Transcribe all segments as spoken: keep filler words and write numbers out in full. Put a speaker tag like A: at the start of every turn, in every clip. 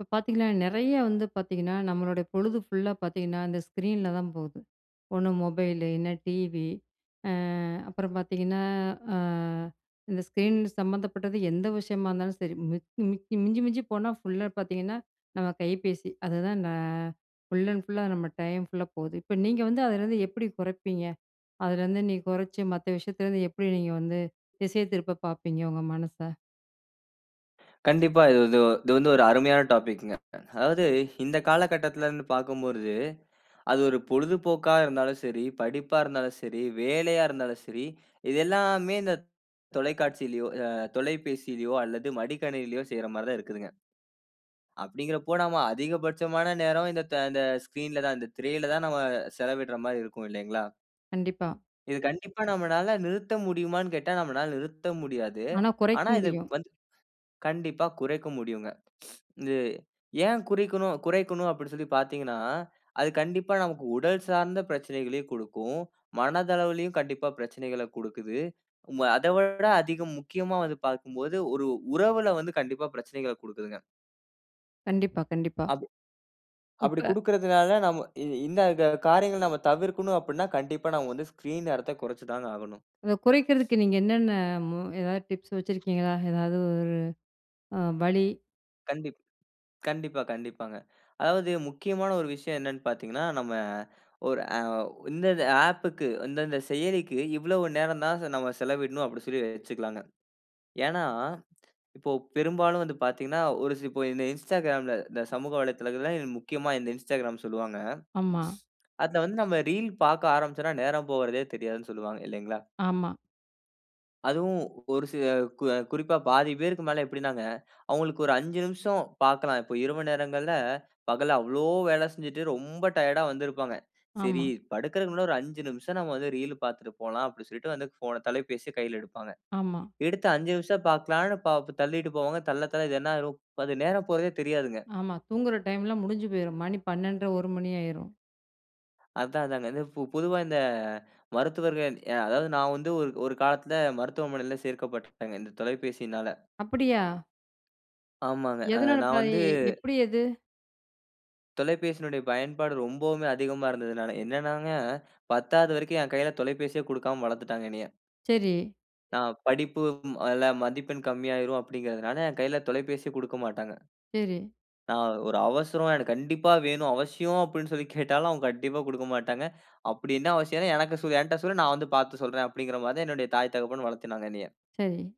A: இப்போ பார்த்தீங்கன்னா நிறைய வந்து பார்த்தீங்கன்னா, நம்மளுடைய பொழுது ஃபுல்லா பார்த்தீங்கன்னா இந்த ஸ்க்ரீன்ல தான் போகுது, ஒண்ணு மொபைலு இல்லனா டிவி, ஆ அப்புறம் பார்த்தீங்கன்னா, ஆ இந்த ஸ்க்ரீன் சம்மந்தப்பட்டது எந்த விஷயமா இருந்தாலும் சரி, மிக் மிக்கி மிஞ்சி மிஞ்சி போனால் ஃபுல்லா பார்த்தீங்கன்னா, நம்ம கைபேசி. அதுதான் நான் ஃபுல் அண்ட் ஃபுல் லா நம்ம டைம் ஃபுல்லா போகுது, இப்போ நீங்க வந்து அதுலேருந்து எப்பிடி குறைப்பீங்க? அதுலேருந்து, நீங்க குறைச்சு, மத்த விஷயத்துலேருந்து எப்பிடி நீங்க வந்து திசை திருப்ப பார்ப்பீங்க, உங்க மனச?
B: கண்டிப்பா. இது வந்து இது வந்து ஒரு அருமையான டாபிக்ங்க. அதாவது, இந்த காலகட்டத்தில இருந்து பார்க்கும்போர்து, அது ஒரு பொழுதுபோக்கா இருந்தாலும் சரி, படிப்பா இருந்தாலும் சரி, வேலையா இருந்தாலும் சரி, இது எல்லாமே இந்த தொலைக்காட்சியிலோ ஆ தொலைபேசிலயோ அல்லது மடிக்கணினிலயோ செய்ற மாதிரி தான் இருக்குதுங்க. அப்படின்கிறப்போ, நம்ம அதிகபட்சமான நேரம், இந்த த இந்த ஸ்கிரீன்ல தான் இந்த திரையில தான் நம்ம செலவிடுற மாரி இருக்கும் இல்லைங்களா?
A: கண்டிப்பா.
B: இது கண்டிப்பா நம்மனால நிறுத்த முடியுமானு கேட்டா, நம்மனால நிறுத்த முடியாது.
A: ஆனா, குறைக்க
B: ஆனா, இதை
A: முடியும்.
B: வந்து கண்டிப்பா குறைக்க முடியுங்க, இது ஏன் குறிக்கனும் குறைக்கனும் அப்படினு சொல்லி பார்த்தீங்கனா அது, கண்டிப்பா நமக்கு உடல் சார்ந்த பிரச்சனைகளையும் குடுக்கும், மனதளவிலும் கண்டிப்பா பிரச்சனைகளை குடுக்குது, மு அதை விட அதிகம் முக்கியமா வந்து பார்க்கும்போது, ஒரு உறவில வந்து கண்டிப்பா பிரச்சனைகளை குடுக்குதுங்க.
A: கண்டிப்பா, கண்டிப்பா.
B: அதே அப்பிடி
A: இப்ப
B: குடுக்கிறதுனால, நம்ம இ இந்த கா காரியங்கள நம்ம தவிர்க்கனும் அப்பிடினா, கண்டிப்பா நாம வந்து ஸ்கிரீன் நேரத்த குறைச்சு தாங்க ஆகணும்.
A: அத குறைக்கிறதுக்கு நீங்க என்னென்ன ஆ மு எதாவது டிப்ஸ் வச்சிருக்கீங்களா? எதாவது ஒரு ஆ வழி?
B: கண்டிப் கண்டிப்பா, கண்டிப்பாங்க. அதாவது முக்கியமான ஒரு விஷயம் என்னனு பார்த்தீங்கனா, நம்ம ஒரு அ ஓ இந்தந்த ஆப்க்கு இந்தந்த செயலிக்கு, இவ்வளவு நேர தான் ச நம்ம செலவிடனும் அப்படினு சொல்லி வச்சுக்கலாங்க. ஏனா, இப்போ பெரும்பாலும் வந்து பார்த்தீங்கனா, ஒரு சி இப்போ இந்த இன்ஸ்டாகிராம்ல இந்த சமூக வலைதளத்தில முக்கியமா இந்த இன்ஸ்டாகிராம் சொல்வாங்க.
A: ஆமா.
B: அத வந்து நம்ம ரீல் பார்க்க ஆரம்பிச்சோம்னா, நேரம் போகுறதே தெரியாதுனு சொல்வாங்க, இல்லைங்களா.
A: ஆமா.
B: அதுவும், ஒரு சில கு அ குறிப்பா பாதி பேருக்கு மேல எப்டினாங்க. அவங்களுக்கு ஒரு அஞ்சு நிமிஷோ பார்க்கலாம். இப்போ இரவு நேரங்கள்ல பகல்ல அவ்ளோ வேல செஞ்சுட்டு ரொம்ப டயர்ட்டா வந்திருப்பாங்க. சேரி
A: ஆமா.
B: படுக்கிறதுக்கு முன்னாடி ஒரு அஞ்சு நிமிஷம், நம்ம வந்து ரீல்லு பார்த்துட்டு போலாம் அப்பிடினு சொல்லிட்டு வந்து போன தொலைபேசிய கையில எடுப்பாங்க.
A: ஆமா.
B: எடுத்த அஞ்சு நிமிஷ பாக்கலானு பா தள்ளிட்டு போவாங்க. தள்ள, தள்ள இது என்னாயிரும்? அது நேரம் போறதே தெரியாதுங்க.
A: ஆமா, தூங்குற டைம்லா முடிஞ்சு போயிரும். மணி பன்னெண்டரை ஒரு மணி ஆயிரும்.
B: அதான் அதாங்க. ஃபு பொதுவா இந்த மருத்துவர்கள் அதாவது நான் வந்து ஒரு காலத்தில, மருத்துவமனையில சேர்க்கப்பட்டுடேங்க இந்த தொலைபேசியினால
A: அப்படியா?
B: ஆமாங்க அ
A: எதுனால
B: நான் வந்து
A: [unintelligible] எப்படி அது?
B: தொலைபேசியினுடைய பயன்பாடு ரொம்பவுமே அதிகமா இருந்ததுனால என்னென்னாங்க, பத்தாவது வரைக்கும், என் கையில தொலைபேசியே குடுக்காம வளர்த்துட்டாங்க என்னைய.
A: சரி.
B: நான் படிப்பு ம் அதுல மதிப்பெண் கம்மியாகிடும் அப்படிங்கிறதுனால, என் கையில தொலைபேசியே குடுக்கமாட்டாங்க.
A: சரி.
B: நான் ஒரு அவசரம் எனக்கு கண்டிப்பா வேணும், அவசியம் அப்படினு சொல்லி கேட்டாலும் அவங்க கண்டிப்பா குடுக்க மாட்டாங்க, அப்படி என்ன அவசியம், எனக்கு சொ என்ட்ட சொல்லு, நான் வந்து பார்த்து சொல்றேன், அப்படின்கின்ற மாதிரி தான் என்னுடைய தாய் தகப்பன் வளர்த்தினாங்க என்னைய
A: சரி.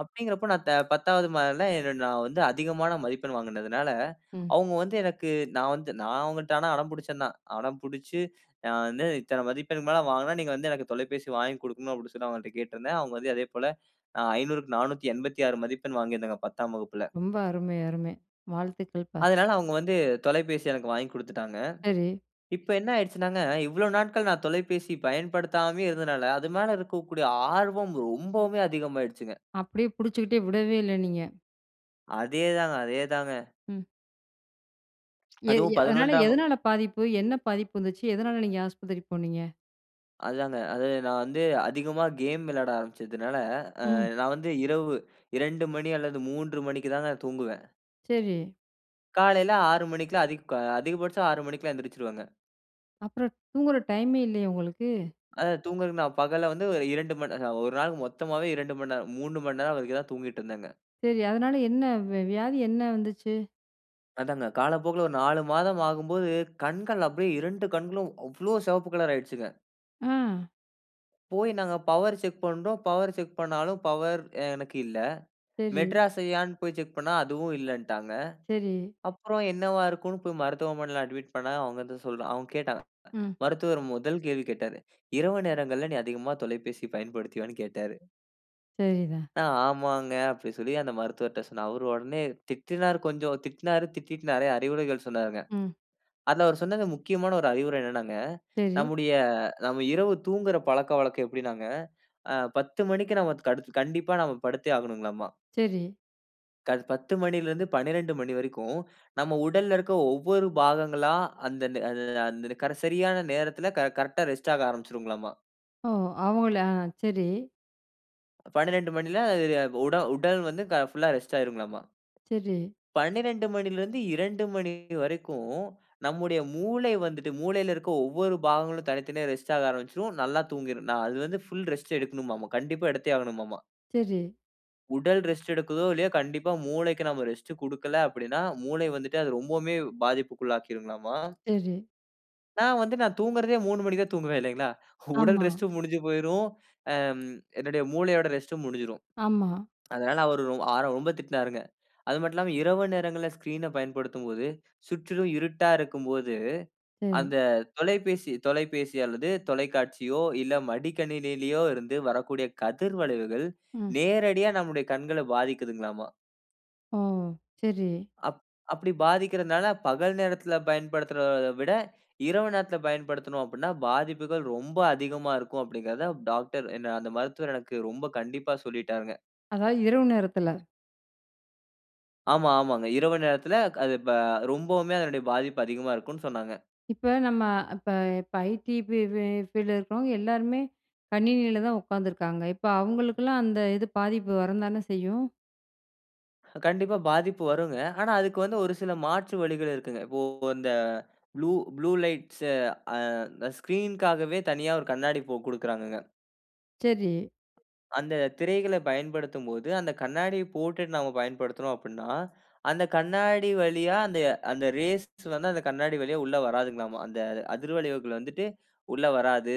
B: அப்படின்கிறப்போ நான் த பத்தாவது மாத நா வந்து அதிகமான மதிப்பெண் வாங்கினதினால,
A: ம்.
B: அவுங்க வந்து எனக்கு நான் வந்து நான் அவங்கள்ட்ட அடம் பிடிச்சேன் தான், அடம்பிடிச்சு நான் வந்து இத்தனை மதிப்பெண்க்கு மேல வாங்கினா, நீங்க வந்து எனக்கு தொலைபேசி வாங்கிக் குடுக்கணும், அப்படினு சொல்லி அவங்கள்ட்ட கேட்டிருந்தேன், அவங்க வந்து அதேபோல ஐந்நூறுக்கு நானூத்தி எண்பத்தி ஆறு மதிப்பெண் வாங்கியிருந்தேங்க, பத்தாம் வகுப்பில.
A: ரொம்ப அருமை அருமை வாழ்த்துக்கள்பா.
B: அதனால அவங்க வந்து தொலைபேசி எனக்கு வாங்கி குடுத்துட்டாங்க,
A: சரி.
B: இப்போ என்ன ஆயிடுச்சுனாங்க, இவ்வளோ நாட்கள் நான் தொலைபேசி பயன்படுத்தாமே இருந்ததனால, அது மேல இருக்கக்கூடிய ஆர்வம் ரொம்பவுமே அதிகம் ஆயிடுச்சுங்க.
A: அப்படியே பிடிச்சுகிட்டே விடவே இல்ல நீங்க.
B: அதே தாங்க அதே தாங்க.
A: ம். ஏ
B: அதுவும்
A: எ அதனால
B: பதினொன்றாம் வகு
A: எதனால பாதிப்பு? என்ன பாதிப்பு வந்துச்சு? எதனால நீங்க ஆஸ்பத்திரி போனீங்க?
B: அதுதாங்க, அது நான் வந்து அதிகமா கேம் விளாட ஆரம்பிச்சதுனால, அ
A: ம்.
B: நான் வந்து இரவு இரண்டு மணி அல்லது மூன்று மணிக்கு தான் நான் தூங்குவேன்.
A: சரி.
B: காலைல ஆறு மணிக்குலாம், அதிக அதிகபட்சம் ஆறு மணிக்குல்லாம் எந்திரிச்சுருவேங்க.
A: அப்புறம் தூங்குற டைமே இல்லையே, உங்களுக்கு?
B: அது தூங்குறதுக்கு நான் பகல்ல வந்து ஒரு இரண்டு மண் நே அ ஒரு நாள் மொத்தமவே இரண்டு மணி நேரம் மூன்று மணி நேரம் வரைக்கும் தான் தூங்கிடிருந்தேங்க.
A: சரி, அதனால, என்ன வெ வியாதி என்ன வந்துச்சு?
B: அதாங்க காலப்போக்குல ஒரு நாலு மாதம் ஆகும்போது, கண்கள் அப்படியே இரண்டு கண்களும் அவ்ளோ! சிவப்பு கலர் ஆயிடுச்சுங்க.
A: ஆ.
B: போய் நாங்க பவர் செக் பண்றோம். பவர் செக் பண்ணாலும் பவர் எனக்கு இல்லை.
A: சரி.
B: மெட்ராஸ் ஐ யான்னு போய் செக் பண்ணா அதுவும் இல்லன்ட்டாங்க.
A: சரி.
B: அப்புறம் என்னவா இருக்குன்னு போய் மருத்துவமனையில அட்மிட் பண்ணா அவுங்க வந்து சொல்றாங் அவுங்க கேட்டாங்க.
A: ம்.
B: மருத்துவர் முதல் கேள்வி கேட்டாரு. இரவு நேரங்கள்ல நீ அதிகமாக தொலைபேசி பயன்படுத்துவியான்னு கேட்டாரு.
A: சரி தான்.
B: நா ஆமாங்க அப்டி சொல்லி அந்த மருத்துவர்ட்ட சொன்னேன். அவர் உடனே திட்டினாரு கொஞ்சம் திட்னாரு. திட்டிட்டு நிறைய அறிவுரைகள் சொன்னாருங்க.
A: ம்.
B: அதில அவர் சொன்னது முக்கியமான ஒரு அறிவுரை என்னான்னாங்க
A: சரி.
B: நம்முடைய நம்ம இரவு தூங்குகிற பழக்கவழக்கம் எப்டின்னாங்க. ஆ பத்து மணிக்கு நாம கடுத்து கண்டிப்பா நாம படுத்தே ஆகணுங்களாமா.
A: சரி.
B: க காலை பத்து மணில இருந்து பன்னிரெண்டு மணி வரைக்கும், நம்ம உடல்ல இருக்கிற ஒவ்வொரு பாகங்களா, அந்த ஆ ந சரியான நேரத்தில, கரெ கரெக்ட்டா ரெஸ்ட் ஆக ஆரம்பிச்சுருங்கலாமா.
A: ஓ! அவங்களா சரி.
B: பன்னிரெண்டு மணில ஆ உட உடல் வந்து ஃபுல்லா ரெஸ்ட் ஆகிருங்களாம,
A: செரி.
B: பன்னிரெண்டு மணில இருந்து இரண்டு மணி வரைக்கும், நம்முடைய மூளை வந்துட்டு மூளையில இருக்கிற ஒவ்வொரு பாகங்களும் தனித்தனியா ரெஸ்ட் ஆக ஆரம்பிச்சுரும், நல்லா தூங்கிடும், நான் அது வந்து ஃபுல் ரெஸ்ட் எடுக்கனுமாம, கண்டிப்பா எடுத்தே ஆகனுமாம.
A: செரி.
B: உடல் ரெஸ்ட் எடுக்குதோ இல்லையோ, கண்டிப்பா மூளைக்கு நம்ம ரெஸ்ட் கொடுக்கல அப்படினா, மூளை வந்துட்டு அது ரொம்பவுமே பாதிப்புக்குள்ள ஆக்கிருங்கலாமா.
A: செரி.
B: நான் வந்து நான் தூங்குறதே மூணு மணிக்கு தான் தூங்குவேன் இல்லைங்களா. உடல்
A: ஆமா.
B: ரெஸ்ட் முடிஞ்சு போய்டும். ஆ என்னுடைய மூளையோட ரெஸ்ட்டும் முடிஞ்சிடும்.
A: ஆமா.
B: அதனால ஒரு அவர் ரொம்ப திட்டினார்ங்க. அது மட்டும் இல்லாம, இரவு நேரங்களில ஸ்கிரீன பயன்படுத்தும்போது சுற்றிலும் இருட்டா இருக்கும்போது,
A: செரி.
B: அந்த தொலைபேசி தொலைபேசி அல்லது தொலைக்காட்சியோ இல்ல மடிக்கணினியிலோ இருந்து வரக்கூடிய கதிர் வளைவுகள்,
A: ம்.
B: நேரடியா நம்முடைய கண்கள பாதிக்குதுங்களாம.
A: ஓ! சரி.
B: அப் அப்படி பாதிக்கிறதுனால, பகல் நேரத்தில பயன்படுத்துறதை விட, இரவு நேரத்தில பயன்படுத்தனோ அப்படினா, பாதிப்புகள் ரொம்ப அதிகமா இருக்கும் அப்படின்கிறதை டாக்டர் என்ன அந்த மருத்துவர் எனக்கு ரொம்ப கண்டிப்பா சொல்லிட்டார்ங்க.
A: அதாவது இரவு நேரத்தில.
B: ஆமா ஆமாங்க, இரவு நேரத்தில அது ப ரொம்பவுமே அதனுடைய பாதிப்பு அதிகமா இருக்குனு சொன்னாங்க.
A: இப்ப நம்ம இப்ப இப்ப ஐடி ஃப் ஃபீல்டில இருக்கிறவங்க எல்லாருமே, கணினியில தான் உட்காந்துருக்காங்க, இப்போ அவங்களுக்கெல்லாம் அந்த இது பாதிப்பு வரம் தானே செய்யும்.
B: கண்டிப்பா பாதிப்பு வருங்க. ஆனா, அதுக்கு வந்து ஒரு சில மாற்று வழிகள் இருக்குங்க. இப்போ இந்த ப்ளூ ப்ளூ லைட்ஸ் அ ஸ்கிரீன்க்காகவே தனியா ஒரு கண்ணாடி இப்போ குடுக்கிறாங்கங்க.
A: செரி.
B: அந்த திரைகள பயன்படுத்தும்போது, அந்த கண்ணாடியை போட்டுட்டு நம்ம பயன்படுத்தினோம் அப்படினா, அந்த கண்ணாடி வழியா அந்த அந்த ரேஸ் வந்து அந்த கண்ணாடி வழியா உள்ளே வராதுங்களாமா. அந்த அதிர்வளைவுகள் வந்துவிட்டு உள்ளே வராது.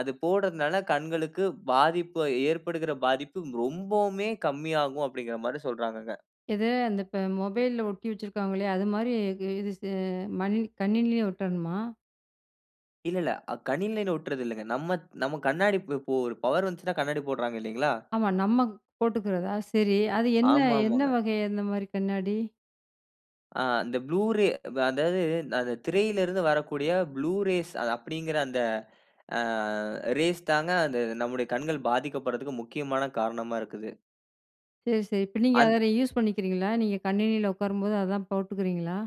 B: அது போடுறதனால, கண்களுக்கு பாதிப்பு ஏற்படுகிற பாதிப்பு ரொம்பவுமே கம்மியாகும் அப்படின்கிற மாதிரி சொல்றாங்கங்க.
A: எது அந்த இப்ப மொபைல்ல ஒட்டி வச்சிருக்காங்கள்யா, அது மாரி இது ஸ் மடி கணினிலேயும் ஒட்டணுமா?
B: இல்ல இல்ல. அக் கணில ஒட்றதில்லைங்க. நம்ம நம்ம கண்ணாடி இப்போ, ஒரு பவர் வந்துச்சுன்னா கண்ணாடி போடுறாங்க இல்லைங்களா?
A: ஆமா நம்ம போட்டுக்குறதா? சரி அது என்ன
B: ஆமா,
A: என்ன
B: ஆமாங்க.
A: வகை அந்த மாரி கண்ணாடி?
B: ஆ, இந்த ப்ளூ ரே வ அதாவது அந்த திரையில இருந்து வரக்கூடிய "ப்ளூ ரேஸ்" அது அப்டிங்குற அந்த அ ரேஸ் தாங்க அந்த நம்முடைய கண்கள் பாதிக்கப்படுறதுக்கு முக்கியமான காரணமா இருக்குது.
A: சரி, சரி. இப்ப நீங்க
B: அந்த
A: அத யூஸ் பண்ணிக்கிறீங்களா? நீங்க கணினியில உக்காரும்போது அதான் போட்டுக்குறீங்களா?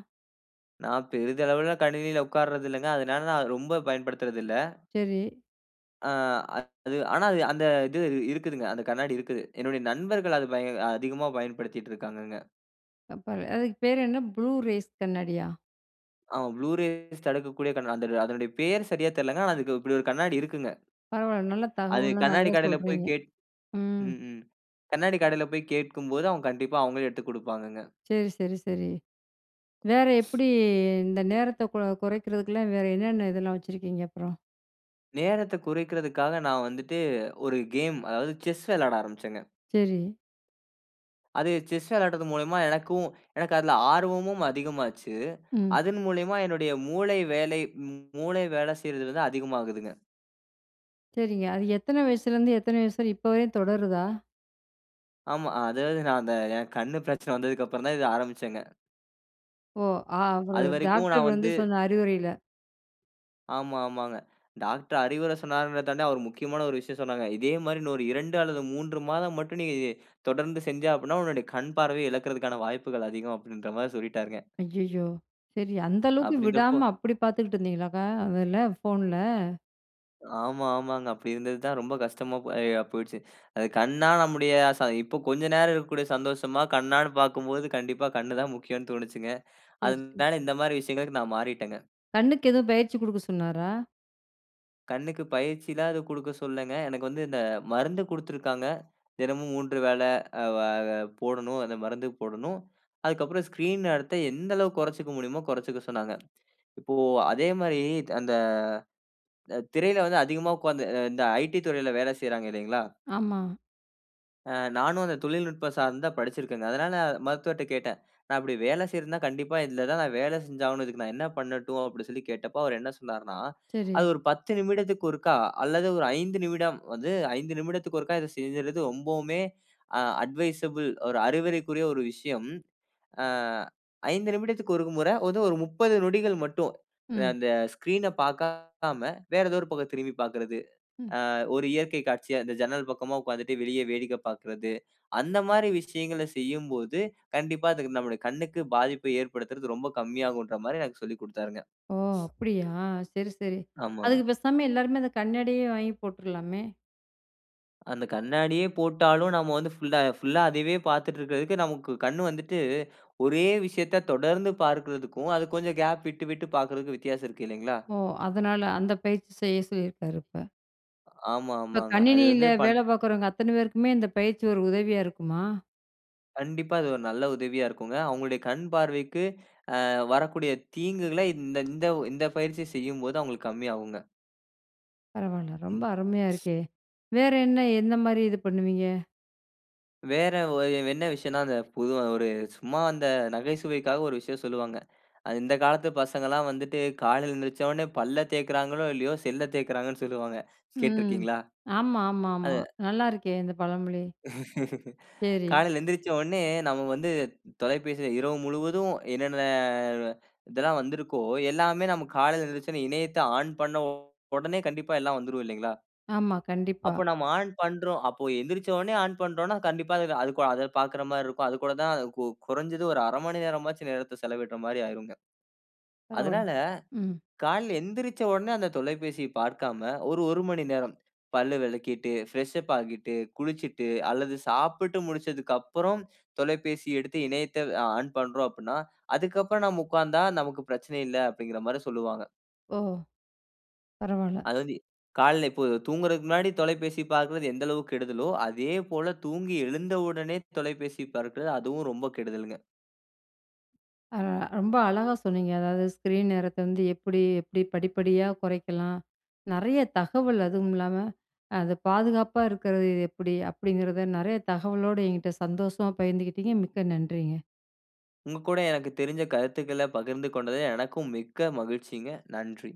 B: நான் பெரிதளவில கணினில உட்காருரது இல்லங்க. அதனால நான் அத, ரொம்ப பயன்படுத்துறதில்ல.
A: சரி.
B: அ, அது, ஆனா அது, அந்த இது இருக்குதுங்க. அந்த கண்ணாடி இருக்குது. என்னுடைய நண்பர்கள் அது பய அதிகமா பயன்படுத்திட்ருக்காங்கங்க.
A: அப் பர அதுக்கு பேர் என்ன ப்ளூ ரேஸ் கண்ணாடியா?
B: அ ப்ளூ ரேஸ் தடுக்கக்கூடிய கண் அந்த அதனுடைய பேரு சரியா தெர்லங்க ஆனா அதுக்கு இப்டி ஒரு கண்ணாடி இருக்குங்க.
A: பரவால்ல, நல்ல
B: அது
A: தகவல்லாம்
B: கண்ணாடி
A: நல்லா
B: கடைல போய்
A: சொல்றீங்க.
B: கேட்
A: ம்.
B: ம், ம் கண்ணாடிக் கடையில போய் கேட்கும்போது அவுங் கண்டிப்பா அவங்களே எடுத்துக் குடுப்பாங்கங்க.
A: சரி, சரி, சரி. வேற எப்டி, இந்த நேரத்த கொ குறைக்கிறதுக்குலாம், வேற என்னன்ன இதெல்லாம் வச்சிருக்கீங்க அப்றம்?
B: நேரத்த குறைக்கிறதற்காக நான் வந்துட்டு ஒரு கேம், அதாவது செஸ் விளையாட ஆரம்பிச்சேங்க.
A: சரி.
B: அது செஸ் விளையாடுறது மூலமா எனக்கும் எனக்கு அதில ஆர்வமும் அதிகமாச்சு.
A: ம்.
B: அதன்மூலியமா என்னுடைய மூளை வேலை மூளை வேல செய்றது வந்து அதிகமாகுதுங்க.
A: சரிங்க. அது எத்தன வயசுலேருந்து எத்தன வயசு இப்போ வரையும் தொடருதா?
B: ஆமா, அதாவது நான் அந்த என்க்கு கண்ணு பிரச்சன வந்ததுக்கப்புறம் தான் இத ஆரம்பிச்சேங்க.
A: ஓ! ஆ அவரு
B: அதுவரைக்கும்
A: டாக்டர்
B: நான்
A: வந்து
B: வந்து.
A: சொன்ன அறிவுரையில.
B: ஆமா, ஆமாங்க. டாக்டர் அறிவுரை சொன்னாருங்கிறத தாண்டி, அவர் முக்கியமான ஒரு விஷயம் சொன்னாங்க. இதே மாதிரி இன்னும் ஒரு இரண்டு அல்லது மூன்று மாதம் மட்டும் நீ தொடர்ந்து செஞ்சா அப்படினா உன்னுடைய கண் பார்வைய இழக்குறதற்கான வாய்ப்புகள் அதிகம். அப்படிங்கிற மாதிரி சொல்லிட்டாருங்க.
A: ஐயயோ! சரி அந்த அளவுக்கு
B: அப்படின்றப்போ
A: விடாம அப்படி பார்த்துக்கிட்டு இருந்தீங்களாங்க, அதுல ஃபோன்ல?
B: ஆமா, ஆமாங்க. அப்படி இருந்தது தான் ரொம்ப கஷ்டமா ஆ போய்டுச்சு. கண்ணா நம்முடைய ச இப்போ கொஞ்சம் நேரம் இருக்கக்கூடிய சந்தோஷமா கண்ணானு பார்க்கும்போது, கண்டிப்பா கண் தான் முக்கியம்னு தோனுச்சுங்க.
A: சேரி, சேரி.
B: அதனால இந்த மாதிரி விஷயங்களுக்கு நான் மாறிட்டேங்க.
A: கண்ணுக்கு எதுவும் பயிற்சி குடுக்க சொன்னாரா?
B: கண்ணுக்கு பயிற்சிலாம் எதுவும் குடுக்க சொல்லங்க. எனக்கு வந்து இந்த மருந்து குடுத்திருக்கிறாங்க. தினமும் மூன்று வேல ஆ வ ஆ போடணும் அந்த மருந்து போடணும். அதுக்கப்புறம் ஸ்கிரீன் நேரத்த எந்த அளவு குறச்சுக்க முடியுமோ குறச்சுக்க சொன்னாங்க. இப்போ அதே மாரி அந்த திரையில வந்து அதிகமா உட்கார்ந்து இந்த ஐடி இத் துறையில வேல செய்றாங்க இல்லைங்களா.
A: ஆமா.
B: ஆ நானும் அந்த தொழில்நுட்பம் சார்ந்த படிச்சிருக்கேங்க. அதனால மருத்துவர்ட்ட கேட்டேன். "நான் இப்பிடி வேலை செய்றதுன்னா, கண்டிப்பா இதுல தான், நான் வேல செஞ்சாகணும். இதுக்கு நான் என்ன பண்ணட்டும்"அப்பிடி சொல்லி கேட்டபோ அவரு என்ன சொன்னார்ன்னா!
A: சரி.
B: அது ஒரு பத்து நிமிடத்திக்கு ஒருக்கா, அல்லது ஒரு ஐந்து நிமிடம் வந்து ஐந்து நிமிடத்துக்கு ஒருக்கா இத செஞ்சிர்றது ரொம்பவுமே, அ அட்வைசபிள், ஒரு அறிவுரைக்குரிய, ஒரு விஷயம். ஆ ஐந்து நிமிடத்துக்கு ஒருகு முற வந்து ஒரு முப்பது நொடிகள் மட்டும். அ
A: ம்.
B: அந்த ஸ்கிரீன பாக்காம வேறு ஏதோ ஒரு பக்கம் திரும்பி பாக்கிறது.
A: ம்.
B: ஆ ஒரு இயற்கை காட்சிய, இந்த ஜன்னல் பக்கமா உக்காந்துட்டு வெளிய வேடிக்க பாக்குறது. அந்த மாரி விஷயங்கள செய்யும்போது, கண்டிப்பா இதுக்கு நம்முடைய கண்ணுக்கு பாதிப்பை ஏற்படுத்துறது ரொம்ப கம்மியாகுன்றமாரி எனக்கு சொல்லி குடுத்தாருங்க.
A: ஓ! அப்பிடியா! சரி சரி.
B: ஆமா, ஆமா.
A: அதுக்கு பேசாம எல்லாருமே அந்த கண்ணாடியே வாங்கி போட்டுர்லாமே!
B: அந்த கண்ணாடியே போட்டாலும், நம்ம வந்து ஃபுல்லா ஃபுல்லா அதயவே பாத்துட்ருக்கிறதுக்கு, நமக்கு கண்ணு வந்துட்டு ஒரே விஷயத்த தொடர்ந்து பார்க்குறதுக்கும், அது கொஞ்சம் கேப் விட்டு விட்டு பாக்குறதுக்கும் வித்தியாசம் இருக்கு இல்லைங்களா!
A: ஓ! அதனால, அந்த பயிற்சி செய்ய சொய்யயிருக்காரு இப்ப.
B: ஆமா
A: இப்ப
B: ஆமாங்க. அது வந்து
A: கணினியில
B: பண்
A: வேல பாக்குறவங்க அத்தன பேருக்குமே இந்த பயிற்சி ஒரு உதவியா
B: [unintelligible]
A: இருக்குமா?
B: கண்டிப்பா அது ஒரு நல்ல உதவியா இருக்குங்க. அவுங்களுடைய கண் பார்வைக்கு அ வரக்கூடிய தீங்குகளை இந்த இந்த இந்த பயிற்சி செய்யும்போது அவுங்களுக்கு கம்மியாகுங்க.
A: பரவாயில்ல. ரொம்ப அருமையா இருக்கே! வேற என்ன எந்தமாரி இது பண்ணுவீங்க?
B: வேற ஓ என்ன விஷயன்னா, அந்த புது ஒரு சும்மா அந்த நகைச்சுவைக்காக ஒரு விஷயம் சொல்லுவாங்க. இந்த காலத்து பசங்கள்லாம் வந்துட்டு காலையில எழுந்திருந்தவுனே பல்ல தேய்க்கிறார்களோ! இல்லயோ! செல்ல தேய்கிறாங்கன்னு சொல்லுவாங்க.
A: ம்.
B: கேட்டிருக்கீங்களா?
A: ஆமா, ஆமா,
B: அது
A: ஆமா. நல்லாயிருக்கே இந்த பழமொழி. சரி.
B: காலையில எழுந்திரித்தவுனே நம்ம வந்து தொலைபேசியில இரவு முழுவதும் என்னென்ன இதெல்லாம் வந்திருக்கோ எல்லாமே நாம் காலையில எந்திருந்தவுனே இணையத்த ஆன் பண்ண உடனே கண்டிப்பா எல்லாம் வந்துரும் இல்லேங்களா!
A: ஆமா. கண்டிப்பா.
B: அப்போ நம்ம ஆன் பண்ணுறோம் அப்போ எந்திரித்தவுனே ஆன் பண்றோன்னா, கண்டிப்பா அதுல அதுக்கு பார்க்கிறமாரி இருக்கும். அது கூட தான் கு குறஞ்சது ஒரு அரை மணி நேரமாச்சும் நேரத்த செலவிட்றமாரி ஆகியிருங்க.
A: பரவாயில்ல.
B: அதனால
A: ம்.
B: காலையில எந்திரிச்ச உடனே அந்த தொலைபேசிய பார்க்காம ஒரு, ஒரு மணி நேரம் பல் விளக்கிட்டு பிரஷ் அப் ஆகிட்டு, குளிச்சிட்டு அல்லது சாப்பிட்டு முடிச்சதுக்கு அப்புறம் தொலைபேசி எடுத்து இணையத்த அ ஆன் பண்றோம் அப்புட்ன்னா, அதுக்கு அப்பறம் நாம உட்கார்ந்தா நமக்கு பிரச்சனை இல்ல. அப்பிடிங்கிறமாரி சொல்லுவாங்க.
A: ஓ! பரவாயில்ல.
B: அதாவது காலையில இப்போ தூங்குறதுக்கு முன்னாடி தொலைபேசி பார்க்கிறது எந்த அளவுக்கு கெடுதலோ! அதே போல தூங்கி எழுந்த உடனே தொலைபேசி பார்க்கிறது அதுவும் ரொம்ப கெடுதல்ங்க.
A: ஆ. ரொம்ப அழகா சொன்னிீங்க. அதாவது ஸ்க்ரீன் நேரத்த வந்து எப்பிடி எப்பிடி படிப்படியா குறைக்கலாம் நிறைய தகவல் அதுவும் இல்லாமல அது பாதுகாப்பா இருக்கிறது எப்பிடி? அப்படிங்கிறத நிறைய தகவலோட என்கிட்ட சந்தோஷமா பகிர்ந்துக்கிட்டீங்க. மிக்க நன்றிங்க.
B: உங்ககூட எனக்கு தெரிந்த கருத்துக்கள பகிர்ந்து கொண்டது எனக்கும் மிக்க மகிழ்ச்சிங்க. நன்றி.